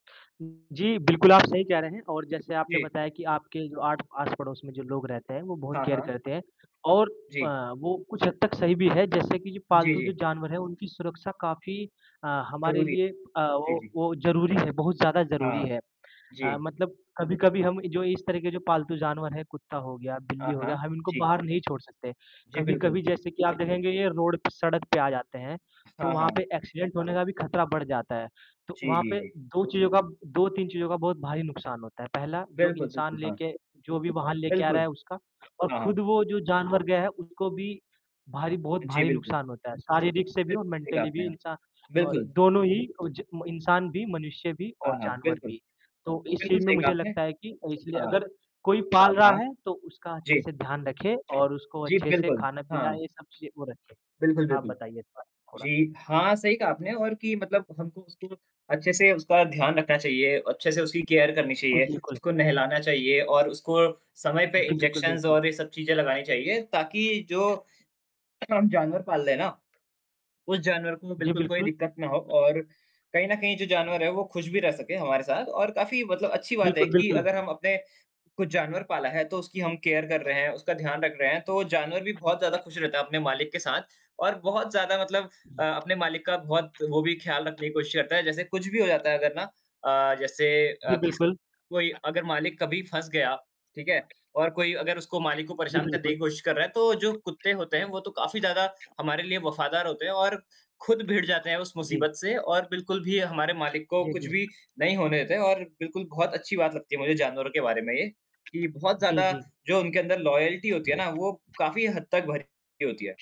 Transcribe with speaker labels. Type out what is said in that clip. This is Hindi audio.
Speaker 1: जी, बिल्कुल आप सही कह रहे हैं और जैसे आपने
Speaker 2: जी।
Speaker 1: बताया कि आपके जो आठ आस-पड़ोस में जो लोग रहते हैं वो बहुत
Speaker 2: हाँ,
Speaker 1: केयर
Speaker 2: हाँ।
Speaker 1: करते हैं और
Speaker 2: जी।
Speaker 1: अ, वो कुछ हद तक सही भी है जैसे कि जो
Speaker 2: जी,
Speaker 1: पालतू जो
Speaker 2: जी।
Speaker 1: जानवर है उनकी सुरक्षा काफ़ी अ, हमारे
Speaker 2: ज़रूरी है।
Speaker 1: लिए अ,
Speaker 2: जी,
Speaker 1: वो
Speaker 2: जी।
Speaker 1: वो ज़रूरी है बहुत ज़्यादा ज़रूरी
Speaker 2: हाँ।
Speaker 1: है। अ,
Speaker 2: जी।
Speaker 1: मतलब कभी-कभी हम जो इस तरह के जो पालतू जानवर है, कुत्ता हो गया, बिल्ली
Speaker 2: हाँ,
Speaker 1: हो गया,
Speaker 2: हाँ।
Speaker 1: हम इनको
Speaker 2: जी।
Speaker 1: बाहर नहीं छोड़ सकते,
Speaker 2: जी, बिल्कुल।
Speaker 1: कभी-कभी जैसे कि आप देखेंगे ये रोड पे, सड़क पे आ जाते हैं, तो
Speaker 2: हाँ,
Speaker 1: वहाँ पे
Speaker 2: हाँ।
Speaker 1: एक्सीडेंट होने का भी खतरा बढ़ जाता है। तो
Speaker 2: जी,
Speaker 1: वहाँ
Speaker 2: जी,
Speaker 1: पे
Speaker 2: जी।
Speaker 1: 2 चीज़ों का 2-3 चीज़ों का बहुत भारी नुकसान होता है। पहला जो
Speaker 2: बिल्कुल,
Speaker 1: इंसान
Speaker 2: बिल्कुल, हाँ।
Speaker 1: लेके जो भी वाहन लेके आ रहा
Speaker 2: बिल्कुल।
Speaker 1: है उसका और
Speaker 2: हाँ,
Speaker 1: खुद
Speaker 2: हाँ।
Speaker 1: वो जो जानवर गया है उसको भी भारी बहुत
Speaker 2: अ, जी,
Speaker 1: भारी
Speaker 2: बिल्कुल।
Speaker 1: नुकसान होता है। शारीरिक से भी
Speaker 2: बिल
Speaker 1: और
Speaker 2: सही कहा
Speaker 1: मेंटली
Speaker 2: आपने
Speaker 1: भी
Speaker 2: यहाँ।
Speaker 1: नुकसान अ,
Speaker 2: बिल्कुल।
Speaker 1: दोनों ही ओ ज म इंसान भी, मनुष्य भी और
Speaker 2: हाँ, हाँ।
Speaker 1: जानवर
Speaker 2: बिल्कुल।
Speaker 1: भी। तो इस
Speaker 2: बिल्कुल
Speaker 1: चीज़ में
Speaker 2: सही कहा
Speaker 1: मुझे
Speaker 2: आपने।
Speaker 1: लगता है कि इसलिए
Speaker 2: हाँ।
Speaker 1: अगर कोई पाल रहा
Speaker 2: हाँ।
Speaker 1: है तो उसका अच्छे
Speaker 2: जी।
Speaker 1: से ध्यान रखे और उसको
Speaker 2: जी,
Speaker 1: अच्छे से
Speaker 2: बिल्कुल।
Speaker 1: खाना-पीना
Speaker 2: हाँ।
Speaker 1: ये सब चीज़ें वो रखें।
Speaker 2: बिल्कुल
Speaker 1: आप
Speaker 2: बिल्कुल।
Speaker 1: बताइए इस बारे में थोड़ा?
Speaker 2: जी, हाँ, सही कहा आपने और कि मतलब हमको उसको अच्छे से उसका ध्यान रखना चाहिए अच्छे से उसकी केयर करनी चाहिए
Speaker 1: बिल्कुल।
Speaker 2: उसको नहलाना चाहिए और उसको समय पे
Speaker 1: जी, बिल्कुल,
Speaker 2: इंजेक्शंस
Speaker 1: बिल्कुल।
Speaker 2: और ये सब चीज़ें लगानी चाहिए ताकि जो [unintelligible] हम जानवर पाल रहें है ना। उस जानवर को
Speaker 1: जी,
Speaker 2: बिल्कुल कोई
Speaker 1: बिल्कुल।
Speaker 2: दिक्कत ना हो और कहीं न कहीं जो जानवर है वो खुश भी रह सके हमारे साथ और काफ़ी मतलब अच्छी बात है
Speaker 1: बिल्कुल,
Speaker 2: कि
Speaker 1: बिल्कुल।
Speaker 2: अगर हम अपने कुछ जानवर पाला है तो उसकी हम केयर कर रहे हैं, उसका ध्यान रख रहे हैं तो वो जानवर भी बहुत ज़्यादा खुश रहता है अपने मालिक के साथ और बहुत ज़्यादा मतलब अ, अपने मालिक का बहुत वो भी ख़्याल रखने की कोशिश करता है, जैसे कुछ भी हो जाता है अगर ना अ, जैसे
Speaker 1: जी,
Speaker 2: अ, किस
Speaker 1: बिल्कुल।
Speaker 2: कोई अगर मालिक कभी फँस गए आप। ठीक है? और कोई अगर उसको मालिक को
Speaker 1: जी,
Speaker 2: परेशान करने की
Speaker 1: बिल्कुल।
Speaker 2: कोशिश कर रहा है तो जो कुत्ते होते हैं वो तो काफ़ी ज़्यादा हमारे लिए वफ़ादार होते हैं और खुद भिड़ जाते हैं उस
Speaker 1: जी।
Speaker 2: मुसीबत से और बिल्कुल भी हमारे मालिक को
Speaker 1: जी,
Speaker 2: कुछ
Speaker 1: जी।
Speaker 2: भी नहीं होने देते हैं और बिल्कुल बहुत अच्छी बात लगती है मुझे जानवरों के बारे में ये कि बहुत
Speaker 1: जी,
Speaker 2: ज़्यादा
Speaker 1: जी।
Speaker 2: जो उनके अंदर लॉयल्टी होती है ना वो काफ़ी हद तक भरी हुई होती है।